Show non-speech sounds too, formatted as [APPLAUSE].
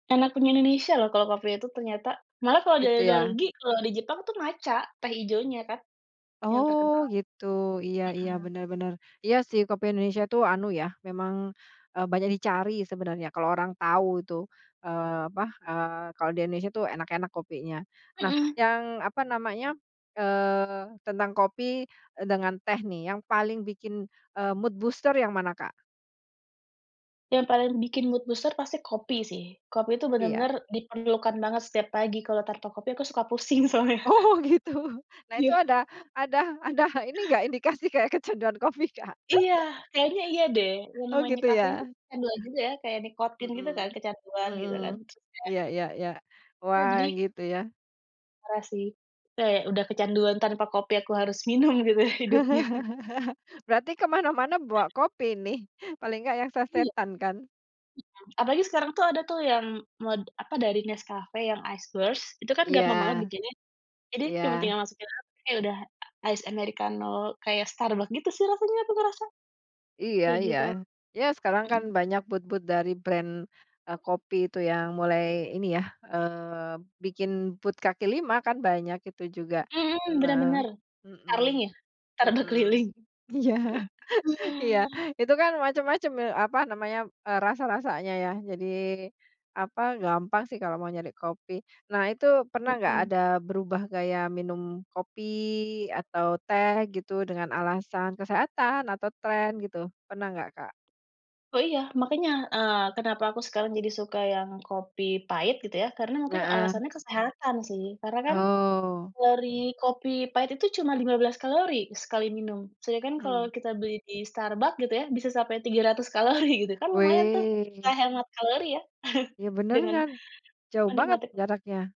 Enak punya Indonesia loh kalau kopinya itu ternyata. Malah kalau Gitu dari luar ya. negeri, kalau di Jepang itu matcha, teh ijonya kan yang terkenal. Oh gitu, iya iya, Mhm. bener bener. Iya sih kopi Indonesia itu anu ya, memang, eee, banyak dicari sebenarnya kalau orang tahu itu, eee, apa, eee, kalau di Indonesia itu enak-enak kopinya. Nah Mhm. yang apa namanya, eee, tentang kopi, eee, dengan teh nih yang paling bikin, eee, mood booster yang mana Kak? Yang paling bikin mood booster pasti kopi sih. Kopi itu Pi ya. benar-benar diperlukan banget setiap pagi, kalau tanpa kopi aku suka pusing soalnya. Oh gitu. Nah itu Iya. ada ada ada ini enggak indikasi kayak kecanduan kopi Kak? Iya, [CHUCKLES] kayaknya iya deh, yang Oh namanya gitu kafein tuh ya. kecanduan juga ya, kayak nikotin gitu kan, Mhm. kecanduan gitu kan Mhm. [UNINTELLIGIBLE] Iya iya iya. Ya Wah, jadi gitu ya. parah sih. Kayak udah kecanduan, tanpa kopi aku harus minum gitu ya hidupnya. [CHUCKLES] Berarti ke mana-mana bawa kopi nih, paling enggak yang Iya. sasetan kan? [UNINTELLIGIBLE] Apalagi sekarang tuh ada tuh yang meled apa dari Nescafe, yang ice roast, itu kan Iya. gampang banget bikinnya. Jadi Iya. cuma tinggal masukin kayak udah ice americano, kayak Starbucks gitu sih rasanya aku ngerasa. Iya Kayak iya. gitu. Iya sekarang kan Mhm. banyak booth-booth dari brand, eee, kopi itu yang mulai ini ya, eee, bikin booth kaki lima kan banyak itu juga. Mhm, benar Nah benar. Starling mhm ya, Starbuck mhm, keliling. iya, [CHUCKLES] iya. Itu kan macem-macem, eee, apa namanya, eee, rasa-rasanya ya jadi apa, gampang sih kalau mau nyari kopi. Nah itu pernah gak, Mhm. ada berubah gaya minum kopi atau teh gitu dengan alasan kesehatan atau tren gitu, pernah gak Kak? Eee, iya, makannya, eee, kenapa aku sekarang jadi suka yang kopi pahit gitu ya, karena mungkin Heeh. alasannya kesehatan sih. Karena kan Oh. kalori kopi pahit itu cuma 15 kalori sekali minum. Sedangkan kalau Mmm. kita beli di Starbucks gitu ya bisa sampai 300 kalori gitu kan lumayan tuh, Weh. kayak hemat kalori ya, [CHUCKLES] Ya bener dengan kan. Jauh banget menikmati jaraknya.